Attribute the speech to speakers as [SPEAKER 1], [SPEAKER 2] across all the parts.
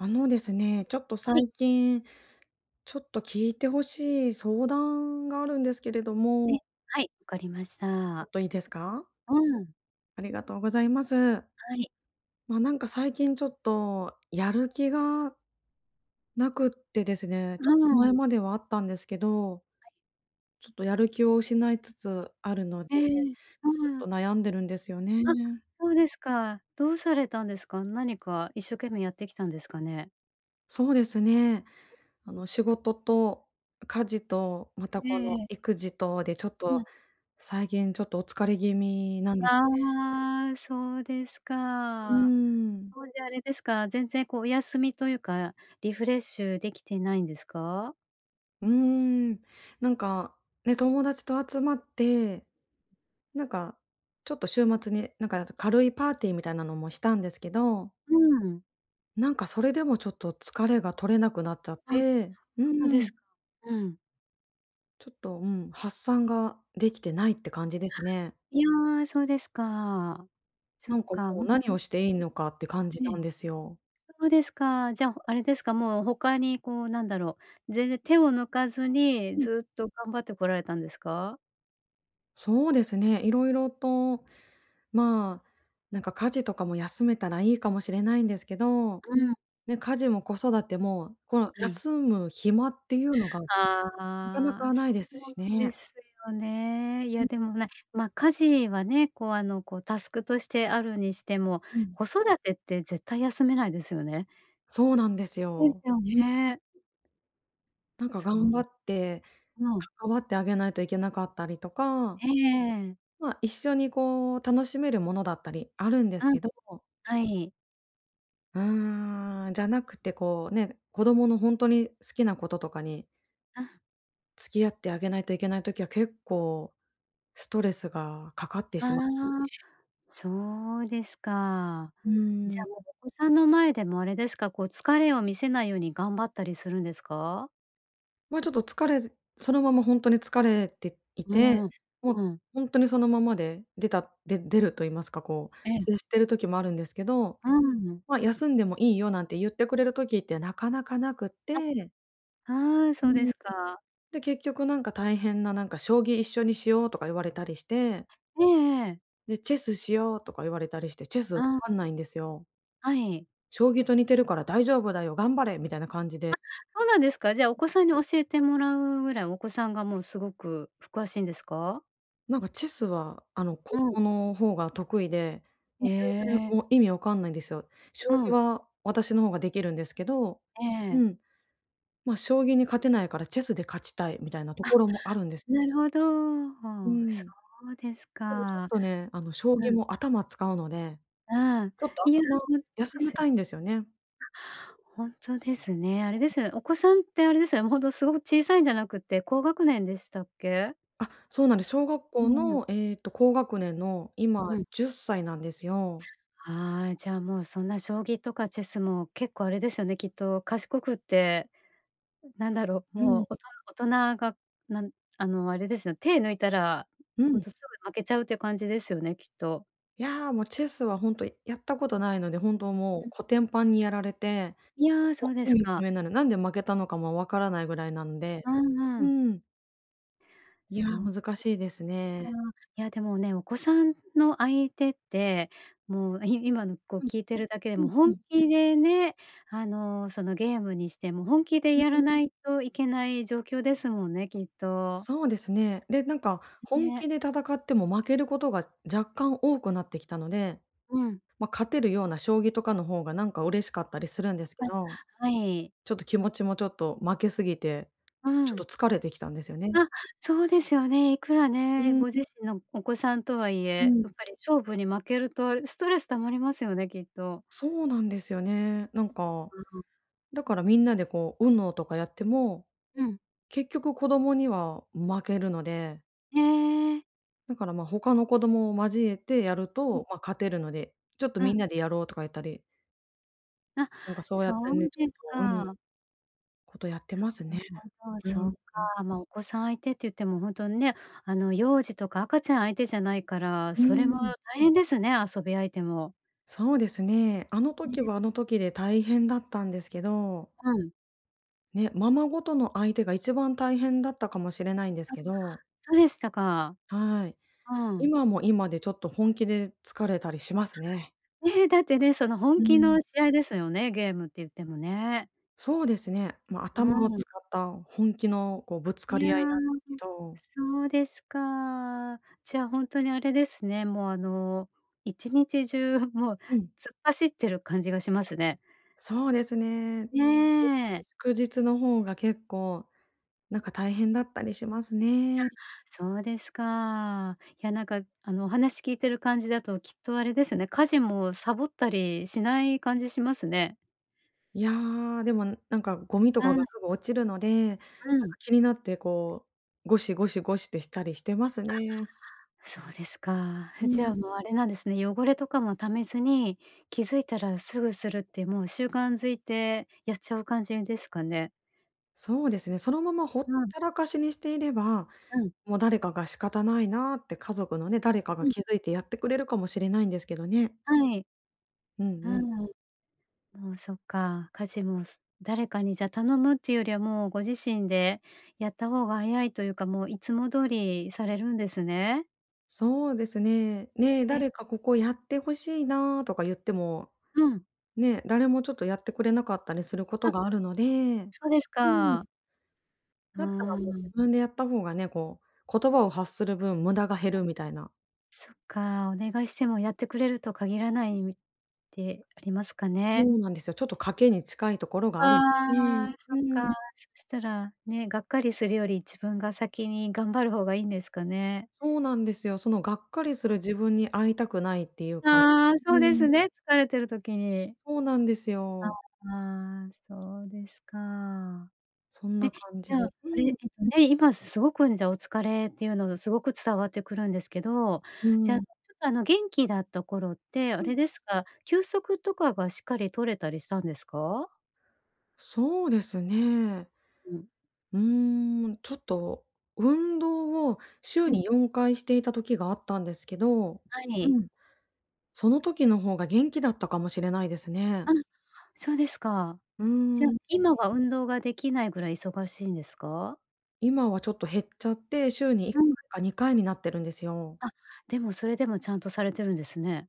[SPEAKER 1] あのですね、ちょっと
[SPEAKER 2] はい。
[SPEAKER 1] 最近ちょっと聞いて欲しい相談があるんですけれど
[SPEAKER 2] え、
[SPEAKER 1] も。
[SPEAKER 2] はい、わかりまし
[SPEAKER 1] ちょ
[SPEAKER 2] た。
[SPEAKER 1] っといいですか？
[SPEAKER 2] うん。
[SPEAKER 1] ありがとうございます。
[SPEAKER 2] はい。
[SPEAKER 1] まあ、なんか最近ちょっと、やる気がなくってですね、
[SPEAKER 2] う
[SPEAKER 1] ちょっと
[SPEAKER 2] ー
[SPEAKER 1] 前
[SPEAKER 2] ん。
[SPEAKER 1] まではあったんですけど、ちょっとやる気を失いつつあるので、
[SPEAKER 2] え
[SPEAKER 1] ち
[SPEAKER 2] え。
[SPEAKER 1] ょっ
[SPEAKER 2] うー
[SPEAKER 1] と
[SPEAKER 2] ん。
[SPEAKER 1] 悩んでるんですよ
[SPEAKER 2] あ、
[SPEAKER 1] ね。
[SPEAKER 2] そうですか。どうされたんですか？なにか一生懸命やってきたんですかね？
[SPEAKER 1] そうですね。あの、仕事と家事と、また
[SPEAKER 2] え
[SPEAKER 1] この
[SPEAKER 2] え。
[SPEAKER 1] 育児とで、ちょっ
[SPEAKER 2] う
[SPEAKER 1] と
[SPEAKER 2] ん。
[SPEAKER 1] 最近ちょっとお疲れ気味なんですね。
[SPEAKER 2] ああ、そうです
[SPEAKER 1] うー
[SPEAKER 2] か。
[SPEAKER 1] ん。
[SPEAKER 2] そいじゃ、あれですか？全然こう、お休みというか、リフレッシュできてないんですか？
[SPEAKER 1] うーん、なんか、ね、友達と集まって、なんかちょっと週末に、なんかなか、軽いパーティーみたいなのもしたんですけど
[SPEAKER 2] うーん。
[SPEAKER 1] なんかそれでもちょっと、疲れが取れなくなっちゃっ
[SPEAKER 2] あ、
[SPEAKER 1] て、う
[SPEAKER 2] そう
[SPEAKER 1] ー
[SPEAKER 2] です
[SPEAKER 1] ん。
[SPEAKER 2] か、うん。
[SPEAKER 1] ちょっと、うん、発散ができてないって感じですね。
[SPEAKER 2] いや、そうですか。そ
[SPEAKER 1] な
[SPEAKER 2] っ
[SPEAKER 1] んか
[SPEAKER 2] か。
[SPEAKER 1] もう何をしていい のかって感じ
[SPEAKER 2] え
[SPEAKER 1] な
[SPEAKER 2] え。
[SPEAKER 1] んですよ。
[SPEAKER 2] そうですか。じゃ、あれですか、もう、他にこうなんだろう、全然手を抜かずに
[SPEAKER 1] うん。
[SPEAKER 2] ずっと頑張ってこられたんですか？
[SPEAKER 1] そうですね、色々とまあ、なんか家事とかも休めたらいいかもしれないんですけど。
[SPEAKER 2] うん。
[SPEAKER 1] ね、家事も子育ても、この
[SPEAKER 2] はい。
[SPEAKER 1] 休む暇っていうのが、なかな
[SPEAKER 2] ああ、
[SPEAKER 1] かないです
[SPEAKER 2] そ
[SPEAKER 1] し
[SPEAKER 2] うで
[SPEAKER 1] ね。
[SPEAKER 2] すよね。い
[SPEAKER 1] う
[SPEAKER 2] や
[SPEAKER 1] ん。
[SPEAKER 2] でもね、ま、家事はね、こうあのこう、タスクとしてあるにしても、
[SPEAKER 1] うん。
[SPEAKER 2] 子育てって絶対休めないですよね。
[SPEAKER 1] そうなんです
[SPEAKER 2] で
[SPEAKER 1] よ。
[SPEAKER 2] すよ
[SPEAKER 1] う
[SPEAKER 2] ね。
[SPEAKER 1] なんか
[SPEAKER 2] そ
[SPEAKER 1] 頑
[SPEAKER 2] う。
[SPEAKER 1] 張って 関わってあげないといけなかったりとか。
[SPEAKER 2] ええ。
[SPEAKER 1] まあ、一緒にこう楽しめるものだったりあるんで
[SPEAKER 2] あ、
[SPEAKER 1] すけど。
[SPEAKER 2] はい。
[SPEAKER 1] うーん、じゃなくてこう、ね、子供のほんとに好きなこととかに
[SPEAKER 2] あ。
[SPEAKER 1] 付き合ってあげないといけない時は結構、ストレスがかかって
[SPEAKER 2] あ
[SPEAKER 1] しまいま
[SPEAKER 2] あ、
[SPEAKER 1] すね。
[SPEAKER 2] そうですか。
[SPEAKER 1] う
[SPEAKER 2] じ
[SPEAKER 1] ー
[SPEAKER 2] ゃあ
[SPEAKER 1] ん。
[SPEAKER 2] もうお子さんの前でもあれですか、こう疲れを見せないように頑張ったりするんですか？
[SPEAKER 1] ま、ちょっと疲れそのままほんとに疲れてい
[SPEAKER 2] う
[SPEAKER 1] て、
[SPEAKER 2] ーん、
[SPEAKER 1] もう、
[SPEAKER 2] うん。
[SPEAKER 1] ほんとにそのままで出たで出ると言いますか、こう、
[SPEAKER 2] ええ。
[SPEAKER 1] 接している時もあるんですけど。
[SPEAKER 2] うん。
[SPEAKER 1] ま、「休んでもいいよ」なんて言ってくれる時って、なかなかなくっ
[SPEAKER 2] あ、
[SPEAKER 1] て
[SPEAKER 2] ああ、
[SPEAKER 1] う
[SPEAKER 2] そ
[SPEAKER 1] ー
[SPEAKER 2] うで
[SPEAKER 1] ん。
[SPEAKER 2] すか。
[SPEAKER 1] で、結局、なんか、大変な、なんか「将棋一緒にしよう」とか言われたりして。
[SPEAKER 2] ええええ。
[SPEAKER 1] で、「チェスしよう」とか言われたりして。チェス、わ
[SPEAKER 2] あ。
[SPEAKER 1] かんないんですよ。
[SPEAKER 2] はい。
[SPEAKER 1] 将棋と似てるから大丈夫だよ、頑張れ、みたいな感じ
[SPEAKER 2] あ、
[SPEAKER 1] で。
[SPEAKER 2] そうなんですか。じゃ、お子さんに教えてもらうぐらいお子さんが、もうすごく詳しいんですか？
[SPEAKER 1] なんかチェスは、あの、子
[SPEAKER 2] うん。
[SPEAKER 1] 供の方が得意で、も
[SPEAKER 2] へ
[SPEAKER 1] う全然、
[SPEAKER 2] え。
[SPEAKER 1] もう意味わかんないんですよ。
[SPEAKER 2] う
[SPEAKER 1] 将棋
[SPEAKER 2] ん。
[SPEAKER 1] は私の方ができるんですけど。
[SPEAKER 2] え
[SPEAKER 1] う
[SPEAKER 2] え。
[SPEAKER 1] ん。ま、将棋に勝てないから、チェスで勝ちたい、みたいなと
[SPEAKER 2] あ、
[SPEAKER 1] ころもあるんです。
[SPEAKER 2] なるほど。
[SPEAKER 1] う
[SPEAKER 2] はあ、
[SPEAKER 1] ん。
[SPEAKER 2] そうです
[SPEAKER 1] でも、ちょっ
[SPEAKER 2] か。
[SPEAKER 1] とね。あの、将
[SPEAKER 2] う
[SPEAKER 1] 棋
[SPEAKER 2] ん。
[SPEAKER 1] も頭使うので、
[SPEAKER 2] うーん。
[SPEAKER 1] ちょっと、
[SPEAKER 2] いや、
[SPEAKER 1] 頭、
[SPEAKER 2] ほんとで
[SPEAKER 1] 休
[SPEAKER 2] す
[SPEAKER 1] め
[SPEAKER 2] ね。
[SPEAKER 1] たいんですよね。
[SPEAKER 2] あ、ほんとですね。あれですよね、お子さんって、あれですよね、ほんと、すごく小さいんじゃなくって、高学年でしたっけ？
[SPEAKER 1] あ、そうなんです。小学
[SPEAKER 2] う
[SPEAKER 1] 校
[SPEAKER 2] ーん。
[SPEAKER 1] の、ええと、高学年の、今
[SPEAKER 2] うん。
[SPEAKER 1] 10歳なんですよ。
[SPEAKER 2] ああ、じゃ、もうそんな、将棋とかチェスも、結構あれですよね、きっと、賢くって、なんだろう、
[SPEAKER 1] う
[SPEAKER 2] も
[SPEAKER 1] ん。
[SPEAKER 2] う、おと大人が、なんあの、あれですよ、手抜いたら、
[SPEAKER 1] う
[SPEAKER 2] ほん
[SPEAKER 1] ん。
[SPEAKER 2] とすぐ負けちゃうっていう感じですよね、きっと。
[SPEAKER 1] いや、もうチェスはほんと、やったことないので、本当もう、
[SPEAKER 2] うん。
[SPEAKER 1] コテンパンにやられて。
[SPEAKER 2] いや、そ
[SPEAKER 1] も
[SPEAKER 2] うで
[SPEAKER 1] う意
[SPEAKER 2] す
[SPEAKER 1] 味不
[SPEAKER 2] か。
[SPEAKER 1] 明なんで、なんで負けたのかもわからないぐらいなんで。
[SPEAKER 2] うんう
[SPEAKER 1] う
[SPEAKER 2] ん。
[SPEAKER 1] ーん。いや、
[SPEAKER 2] そっか。
[SPEAKER 1] 難しいですね。
[SPEAKER 2] いやでもね、お子さんの相手って、もうい今、ん、こう
[SPEAKER 1] うん。
[SPEAKER 2] 聞いてるだけで
[SPEAKER 1] う
[SPEAKER 2] も、
[SPEAKER 1] んう
[SPEAKER 2] 本
[SPEAKER 1] ん。
[SPEAKER 2] 気でね、あの、その、ゲームにしても本気で
[SPEAKER 1] うん
[SPEAKER 2] や
[SPEAKER 1] う
[SPEAKER 2] ら
[SPEAKER 1] ん。
[SPEAKER 2] ないといけない状況ですもんね、きっと。
[SPEAKER 1] そうですね。で、なんか本
[SPEAKER 2] ね。
[SPEAKER 1] 気で戦っても負けることが若干多くなってきたので、
[SPEAKER 2] うん。
[SPEAKER 1] ま、勝てるような将棋とかの方がなんか嬉しかったりするんですけ
[SPEAKER 2] あ、
[SPEAKER 1] ど。
[SPEAKER 2] はい。
[SPEAKER 1] ちょっと気持ちも、ちょっと負けすぎて
[SPEAKER 2] う
[SPEAKER 1] ちょ
[SPEAKER 2] ん。
[SPEAKER 1] っと疲れてきたんですよね。
[SPEAKER 2] あ、そうですよね。いくら
[SPEAKER 1] う
[SPEAKER 2] ね、
[SPEAKER 1] ん。
[SPEAKER 2] ご自身のお子さんとはい
[SPEAKER 1] う
[SPEAKER 2] え、
[SPEAKER 1] ん。
[SPEAKER 2] やっぱり勝負に負けるとストレス溜まりますよね、きっと。
[SPEAKER 1] そうなんですよね。なんか、
[SPEAKER 2] うん。
[SPEAKER 1] だからみんなでこう UNO とかやっても、
[SPEAKER 2] うん。
[SPEAKER 1] 結局子供には負けるので
[SPEAKER 2] へえ。
[SPEAKER 1] だから、ま、他の子供も交えてやる
[SPEAKER 2] ん。
[SPEAKER 1] と、ま、勝てるので、「ちょっと、
[SPEAKER 2] う
[SPEAKER 1] みん
[SPEAKER 2] ん。
[SPEAKER 1] なでやろう」とか言ったり
[SPEAKER 2] あ、
[SPEAKER 1] なんかそうや
[SPEAKER 2] そ
[SPEAKER 1] ってね、
[SPEAKER 2] う
[SPEAKER 1] ちょ
[SPEAKER 2] です
[SPEAKER 1] っと、うん、
[SPEAKER 2] か。
[SPEAKER 1] ことやってます
[SPEAKER 2] な
[SPEAKER 1] ね。
[SPEAKER 2] るほど、
[SPEAKER 1] う
[SPEAKER 2] そっ
[SPEAKER 1] ん、うん。
[SPEAKER 2] か。ま、お子さん相手って言ってもほんとにね、あの幼児とか赤ちゃん相手じゃないから、
[SPEAKER 1] う
[SPEAKER 2] それ
[SPEAKER 1] ー
[SPEAKER 2] も
[SPEAKER 1] ん。
[SPEAKER 2] 大変ですね、遊び相手も。
[SPEAKER 1] そうですね。あの
[SPEAKER 2] え
[SPEAKER 1] 時
[SPEAKER 2] え。
[SPEAKER 1] はあの時で大変だったんですけど
[SPEAKER 2] うん。
[SPEAKER 1] ね、ままごとの相手が一番大変だったかもしれないんです
[SPEAKER 2] あ、
[SPEAKER 1] けど
[SPEAKER 2] そうでしたか。
[SPEAKER 1] はい。
[SPEAKER 2] うん。
[SPEAKER 1] 今も今でちょっと本気で疲れたりしますね。
[SPEAKER 2] え、だってね、その、本
[SPEAKER 1] う
[SPEAKER 2] 気
[SPEAKER 1] ん。
[SPEAKER 2] の試合ですよね、ゲームって言ってもね。
[SPEAKER 1] そうですね。ま、頭を
[SPEAKER 2] うん。
[SPEAKER 1] 使った本気のこう、ぶつか
[SPEAKER 2] いや、
[SPEAKER 1] り合いなんですけど。
[SPEAKER 2] そうですか。じゃ、ほんとにあれですね、もうあの、1日中もう、
[SPEAKER 1] うん。
[SPEAKER 2] 突っ走ってる感じがしますね。
[SPEAKER 1] そうですね。
[SPEAKER 2] ね え。
[SPEAKER 1] くじつのほうが、結構なんか大変だったりします
[SPEAKER 2] あ、
[SPEAKER 1] ね。
[SPEAKER 2] そうですか。いや、なんか、あの、お話聞いてる感じだときっとあれですね、家事もサボったりしない感じしますね。
[SPEAKER 1] いや、でもなんかゴミと
[SPEAKER 2] う
[SPEAKER 1] か
[SPEAKER 2] ん。
[SPEAKER 1] がすぐ落ちるので、なんか
[SPEAKER 2] うん。
[SPEAKER 1] 気になってこうゴシゴシゴシってしたりしてます
[SPEAKER 2] あ、
[SPEAKER 1] ね。
[SPEAKER 2] そうですか。
[SPEAKER 1] う
[SPEAKER 2] じゃ
[SPEAKER 1] ん。
[SPEAKER 2] あ、もうあれなんですね、汚れとかも溜めずに、気づいたらすぐするってもう習慣づいて、やっちゃう感じですかね？
[SPEAKER 1] そうですね、そのままほ
[SPEAKER 2] う
[SPEAKER 1] っ
[SPEAKER 2] ん。
[SPEAKER 1] たらかしにしていれば、
[SPEAKER 2] うん。
[SPEAKER 1] もう誰かが「仕方ないな」って、家族のね、誰か
[SPEAKER 2] う
[SPEAKER 1] が
[SPEAKER 2] ん。
[SPEAKER 1] 気づいてやってくれるかもしれないんですけどね。
[SPEAKER 2] はい。
[SPEAKER 1] うんう
[SPEAKER 2] う
[SPEAKER 1] ん。
[SPEAKER 2] ん。もうそっか、家事もす誰かに、じゃ頼むっていうよりはもうご自身でやった方が早いというか、もういつも通りされるんですね。
[SPEAKER 1] そうですね。「ね、
[SPEAKER 2] へえ。
[SPEAKER 1] 誰かここやってほしいな」とか言っても、
[SPEAKER 2] うん。
[SPEAKER 1] ね、誰もちょっとやってくれなかったりすること
[SPEAKER 2] あ。
[SPEAKER 1] があるので。
[SPEAKER 2] そうです
[SPEAKER 1] うん。
[SPEAKER 2] か。う
[SPEAKER 1] だったら、もう、
[SPEAKER 2] ん。
[SPEAKER 1] 自分でやった方がね、こう、言葉を発する分、無駄が減
[SPEAKER 2] あ、
[SPEAKER 1] るみたいな。
[SPEAKER 2] そっか、お願いしてもやってくれると限らないみて、ありますか
[SPEAKER 1] そ
[SPEAKER 2] ね？
[SPEAKER 1] うなんですよ。ちょっと賭けに近いところがあるんです。ええ、
[SPEAKER 2] ああ、そ
[SPEAKER 1] う
[SPEAKER 2] っか。
[SPEAKER 1] ん。
[SPEAKER 2] そしたら、ね、がっかりするより自分が先に頑張る方がいんですかね？
[SPEAKER 1] そうなんですよ。その、がっかりする自分に会いたくないっていうか。
[SPEAKER 2] ああ、
[SPEAKER 1] う
[SPEAKER 2] そうです
[SPEAKER 1] ん。
[SPEAKER 2] ね、疲れてる時に。
[SPEAKER 1] そうなんです
[SPEAKER 2] あ、
[SPEAKER 1] よ。
[SPEAKER 2] ああ、そうですか。
[SPEAKER 1] そん
[SPEAKER 2] え、
[SPEAKER 1] な
[SPEAKER 2] じ
[SPEAKER 1] 感じ
[SPEAKER 2] ゃ
[SPEAKER 1] で。
[SPEAKER 2] あ、
[SPEAKER 1] う
[SPEAKER 2] あれ、え
[SPEAKER 1] ん。
[SPEAKER 2] っとね、今すごく、うん、じゃ、お疲れっていうのがすごく伝わってくるんですけど、
[SPEAKER 1] う
[SPEAKER 2] じゃあ、ち
[SPEAKER 1] ん。
[SPEAKER 2] ょっと、あの、元気だった頃ってあ
[SPEAKER 1] う
[SPEAKER 2] れ
[SPEAKER 1] ん。
[SPEAKER 2] ですか、休息とかがしっかり取れたりしたんですか？
[SPEAKER 1] そうですね。
[SPEAKER 2] うん。
[SPEAKER 1] うーん、ちょっと、運動を
[SPEAKER 2] う
[SPEAKER 1] 週
[SPEAKER 2] ん。
[SPEAKER 1] に4回していた時があったんですけど。
[SPEAKER 2] は
[SPEAKER 1] う
[SPEAKER 2] い。
[SPEAKER 1] ん。その時の方が元気だったかもしれないです
[SPEAKER 2] あ、
[SPEAKER 1] ね。
[SPEAKER 2] そうですか。
[SPEAKER 1] う
[SPEAKER 2] じゃ、
[SPEAKER 1] ーん。
[SPEAKER 2] 今は運動ができないぐらい忙しいんですか？
[SPEAKER 1] 今はちょっと減っちゃって、週にいっ
[SPEAKER 2] う
[SPEAKER 1] か
[SPEAKER 2] ん。
[SPEAKER 1] いか2回になってるんですよ。
[SPEAKER 2] あ、でも、それでもちゃんとされてるんですね。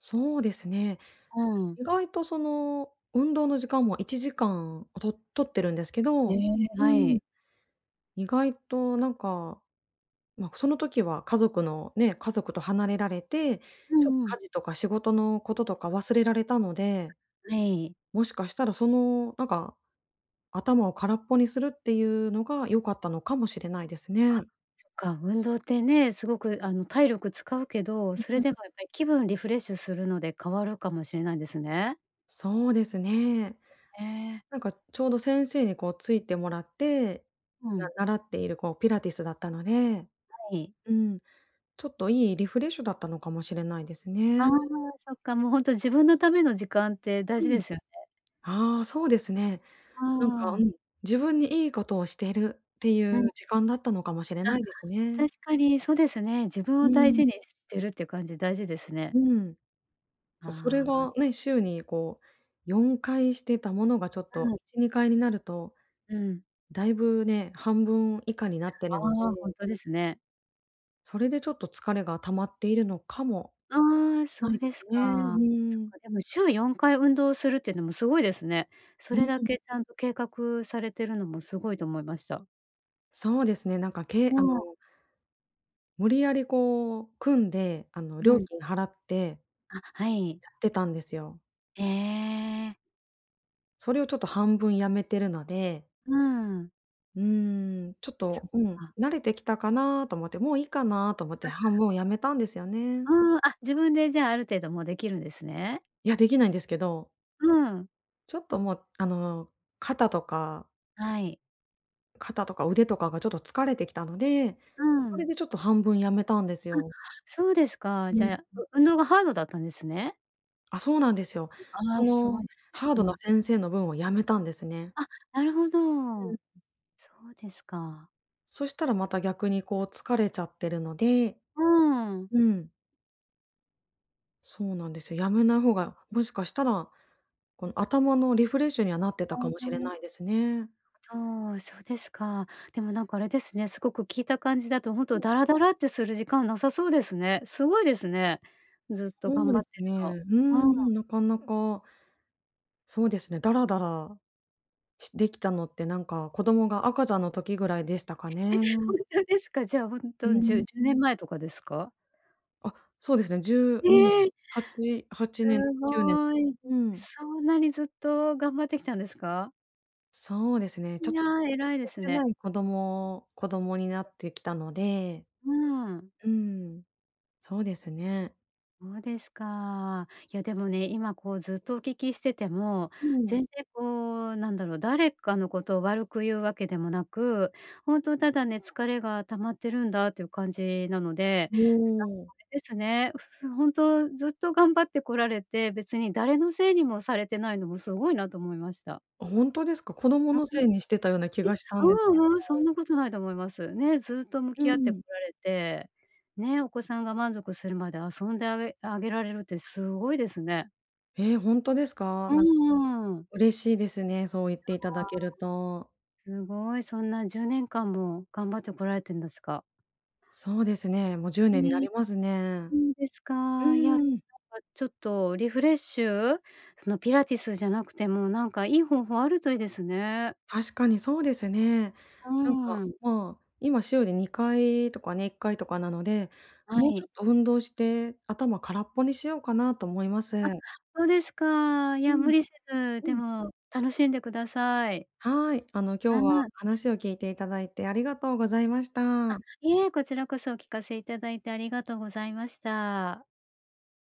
[SPEAKER 1] そうですね。
[SPEAKER 2] うん。
[SPEAKER 1] 意外と、その、運動の時間も1時間を取取ってるんですけ
[SPEAKER 2] え
[SPEAKER 1] ど
[SPEAKER 2] え、は
[SPEAKER 1] うん。
[SPEAKER 2] い。
[SPEAKER 1] 意外となんか、ま、その時は家族の、ね、家族と離れられて、
[SPEAKER 2] う
[SPEAKER 1] ちょ、
[SPEAKER 2] んうん。
[SPEAKER 1] 家事とか仕事のこととか忘れられたので、
[SPEAKER 2] はい。
[SPEAKER 1] もしかしたら、その、なんか、頭を空っぽにするっていうのが、良かったのかもしれないです
[SPEAKER 2] あ、
[SPEAKER 1] ね。
[SPEAKER 2] そっか、運動ってね、すごく、あの、体力使うけど、
[SPEAKER 1] うん
[SPEAKER 2] それ
[SPEAKER 1] うん。
[SPEAKER 2] でもやっぱり、気分リフレッシュするので変わるかもしれないですね。
[SPEAKER 1] そうですね。
[SPEAKER 2] へえ。
[SPEAKER 1] なんか、ちょうど先生に、こう、ついてもらって、
[SPEAKER 2] う
[SPEAKER 1] な
[SPEAKER 2] ん。
[SPEAKER 1] 習っている、こう、ピラティスだったので
[SPEAKER 2] はい。
[SPEAKER 1] うん、ちょっといいリフレッシュだったのかもしれないです
[SPEAKER 2] ああ、
[SPEAKER 1] ね。
[SPEAKER 2] そっか、もう、ほんと、自分のための時間って大
[SPEAKER 1] う
[SPEAKER 2] 事で
[SPEAKER 1] ん。
[SPEAKER 2] すよね。
[SPEAKER 1] ああ、そうですね。なんか
[SPEAKER 2] あ
[SPEAKER 1] う
[SPEAKER 2] あ。
[SPEAKER 1] ん、自分にいいことをしてるってい
[SPEAKER 2] うん。
[SPEAKER 1] う時間だったのかもしれ
[SPEAKER 2] あ、
[SPEAKER 1] ないですね。
[SPEAKER 2] 確かに、そうですね。自分
[SPEAKER 1] う
[SPEAKER 2] を大
[SPEAKER 1] ん。
[SPEAKER 2] 事にしてるっていう感じ、大事ですね。
[SPEAKER 1] うん。そう、それ
[SPEAKER 2] ああ。
[SPEAKER 1] が、ね、週に、こう、4回してたものが、ちょっ
[SPEAKER 2] う
[SPEAKER 1] と、
[SPEAKER 2] ん。
[SPEAKER 1] 1、2回になると、
[SPEAKER 2] うん。
[SPEAKER 1] だいぶ、ね、半分以下になって
[SPEAKER 2] あ
[SPEAKER 1] るので。
[SPEAKER 2] あ、ほんとですね。
[SPEAKER 1] それでちょっと疲れが溜まっているのかも
[SPEAKER 2] ああ、そ
[SPEAKER 1] な
[SPEAKER 2] う
[SPEAKER 1] いで
[SPEAKER 2] で
[SPEAKER 1] す
[SPEAKER 2] す
[SPEAKER 1] ね。う
[SPEAKER 2] か。そ
[SPEAKER 1] ー
[SPEAKER 2] っ
[SPEAKER 1] ん。
[SPEAKER 2] か、でも週4回運動するってのもすごいですね。そ
[SPEAKER 1] うー
[SPEAKER 2] れだ
[SPEAKER 1] ん。
[SPEAKER 2] けちゃんと計画されてるのも、すごいと思いました。
[SPEAKER 1] そうですね、なんかけい
[SPEAKER 2] あ
[SPEAKER 1] あ
[SPEAKER 2] あ。
[SPEAKER 1] の無理やりこう、組んで、あの、
[SPEAKER 2] う
[SPEAKER 1] 料
[SPEAKER 2] ん。
[SPEAKER 1] 金払って
[SPEAKER 2] あ、はい。
[SPEAKER 1] やってたんですよ。
[SPEAKER 2] ええ。
[SPEAKER 1] それをちょっと半分やめてるので。
[SPEAKER 2] うーん。
[SPEAKER 1] うーん、ちょっ
[SPEAKER 2] そ
[SPEAKER 1] と、
[SPEAKER 2] っ
[SPEAKER 1] うん、
[SPEAKER 2] か。
[SPEAKER 1] 慣れてきたかなと思って、もういいかなと思って、半分辞めたんですよね。
[SPEAKER 2] あ。うーん、あ、自分でじゃあ、ある程度もうできるんですね。
[SPEAKER 1] や、できないんですけど。
[SPEAKER 2] うーん。
[SPEAKER 1] ちょっともう、あの、肩とか
[SPEAKER 2] はい。
[SPEAKER 1] 肩とか腕とかがちょっと疲れてきたので、
[SPEAKER 2] うー
[SPEAKER 1] それ
[SPEAKER 2] ん。
[SPEAKER 1] でちょっと半分辞めたんです
[SPEAKER 2] あ、
[SPEAKER 1] よ。
[SPEAKER 2] そうですか。
[SPEAKER 1] うん、
[SPEAKER 2] じゃあ、や
[SPEAKER 1] うん。
[SPEAKER 2] う運動がハードだったんですね。
[SPEAKER 1] あ、そうなんですよ。
[SPEAKER 2] ああ、
[SPEAKER 1] そ
[SPEAKER 2] すご
[SPEAKER 1] の、
[SPEAKER 2] い、
[SPEAKER 1] ハー
[SPEAKER 2] う
[SPEAKER 1] ドな
[SPEAKER 2] ん。
[SPEAKER 1] 先生の分をやめたんですね。
[SPEAKER 2] あ、なるほ
[SPEAKER 1] う
[SPEAKER 2] ど。
[SPEAKER 1] ん。
[SPEAKER 2] そうですか。
[SPEAKER 1] そしたらまた逆にこう、疲れちゃってるので。
[SPEAKER 2] うーん。
[SPEAKER 1] うん。そうなんですよ。やめない方が、もしかしたら、この、頭のリフレッシュにはなってたかもしれな
[SPEAKER 2] [unintelligible]
[SPEAKER 1] いですね。
[SPEAKER 2] ちょう、そうですか。でも、なんか、あれですね、すごく聞いた感じだと、ほん
[SPEAKER 1] う
[SPEAKER 2] と
[SPEAKER 1] ん。
[SPEAKER 2] ダラダラってする時間はなさそうですね。すごいですね。ずっと
[SPEAKER 1] そ
[SPEAKER 2] 頑
[SPEAKER 1] う
[SPEAKER 2] 張
[SPEAKER 1] で
[SPEAKER 2] って
[SPEAKER 1] す
[SPEAKER 2] る
[SPEAKER 1] ね。
[SPEAKER 2] の。
[SPEAKER 1] うー
[SPEAKER 2] うん。
[SPEAKER 1] ん、なかなか。そうですね、ダラダラ、し、できたのってなんか、子供が赤ちゃんの時ぐらいでしたかね。
[SPEAKER 2] ほんとですか？じゃあ、ほん
[SPEAKER 1] う
[SPEAKER 2] と、じゅう
[SPEAKER 1] ん。
[SPEAKER 2] じゅうねんまえとかですか？
[SPEAKER 1] あ、そうですね。10うん、
[SPEAKER 2] ええ。
[SPEAKER 1] 8年-8年、
[SPEAKER 2] す
[SPEAKER 1] 9年か。
[SPEAKER 2] ごい。
[SPEAKER 1] うん。
[SPEAKER 2] そんなにずっと、頑張ってきたんですか？
[SPEAKER 1] そうですね、ちょ
[SPEAKER 2] い
[SPEAKER 1] っ
[SPEAKER 2] や、
[SPEAKER 1] とじ
[SPEAKER 2] 偉い
[SPEAKER 1] っ
[SPEAKER 2] で
[SPEAKER 1] とし
[SPEAKER 2] す
[SPEAKER 1] て
[SPEAKER 2] ね。
[SPEAKER 1] ない子供子供になってきたので
[SPEAKER 2] うん。
[SPEAKER 1] うん、そうですね。
[SPEAKER 2] そうですか。いや、でもね、今、こう、ずっとお聞きしてても、
[SPEAKER 1] うん。
[SPEAKER 2] 全然、こう、なんだろう。誰かのことを悪く言うわけでもなく。ほんと、
[SPEAKER 1] う。
[SPEAKER 2] ただね、疲れが溜まってるんだ、という感じなので。
[SPEAKER 1] も
[SPEAKER 2] なんか
[SPEAKER 1] お。
[SPEAKER 2] あれですね。ふほんとずっと頑張ってこられて、別に誰のせいにもされてないのも、すごいなと思いました。
[SPEAKER 1] あ、ほんとですか？子供
[SPEAKER 2] あ、
[SPEAKER 1] の
[SPEAKER 2] う
[SPEAKER 1] せいにしてたような気
[SPEAKER 2] ん。え、
[SPEAKER 1] がしたんです
[SPEAKER 2] う
[SPEAKER 1] け
[SPEAKER 2] ううん、そん
[SPEAKER 1] ど。
[SPEAKER 2] なことないと思います。ね、ずっと向
[SPEAKER 1] う
[SPEAKER 2] き
[SPEAKER 1] ん
[SPEAKER 2] 合って
[SPEAKER 1] う
[SPEAKER 2] こ
[SPEAKER 1] ん。
[SPEAKER 2] られて、ね。お子さんが満足するまで遊んであげあげられるって、すごいですね。
[SPEAKER 1] え、ほんとですか？
[SPEAKER 2] う
[SPEAKER 1] なんか
[SPEAKER 2] んうんうん。
[SPEAKER 1] 嬉しいですね。そう言っ
[SPEAKER 2] い
[SPEAKER 1] ていただ
[SPEAKER 2] やあ。
[SPEAKER 1] けると。
[SPEAKER 2] すごい、そんな10年間も頑張ってこられてんですか？
[SPEAKER 1] そうですね。も、じゅう
[SPEAKER 2] う
[SPEAKER 1] ねんにな
[SPEAKER 2] ーん。
[SPEAKER 1] りますね。
[SPEAKER 2] そうです
[SPEAKER 1] う
[SPEAKER 2] か。いや、なんか
[SPEAKER 1] ーん。
[SPEAKER 2] ちょっとリフレッシュ、その、ピラティスじゃなくても、なんか、いい方法あるといいですね。
[SPEAKER 1] 確かにそうですね。
[SPEAKER 2] う
[SPEAKER 1] なんか、
[SPEAKER 2] ん。
[SPEAKER 1] ま、今、週で2回とかね、1回とかなので、
[SPEAKER 2] は
[SPEAKER 1] もうち
[SPEAKER 2] い。
[SPEAKER 1] ょっと運動して、頭空っぽにしようかなと思いま
[SPEAKER 2] あ、
[SPEAKER 1] す。
[SPEAKER 2] そうですか。い
[SPEAKER 1] う
[SPEAKER 2] や、無
[SPEAKER 1] ん。
[SPEAKER 2] 理せず、
[SPEAKER 1] う
[SPEAKER 2] で
[SPEAKER 1] ん。
[SPEAKER 2] も楽しんでください。
[SPEAKER 1] はい。あの、
[SPEAKER 2] あ、う
[SPEAKER 1] 今日は
[SPEAKER 2] ん。
[SPEAKER 1] 話を聞いていただいてありがとうございまし
[SPEAKER 2] あ、
[SPEAKER 1] た。
[SPEAKER 2] いえ、こちらこそお聞かせいただいてありがとうございました。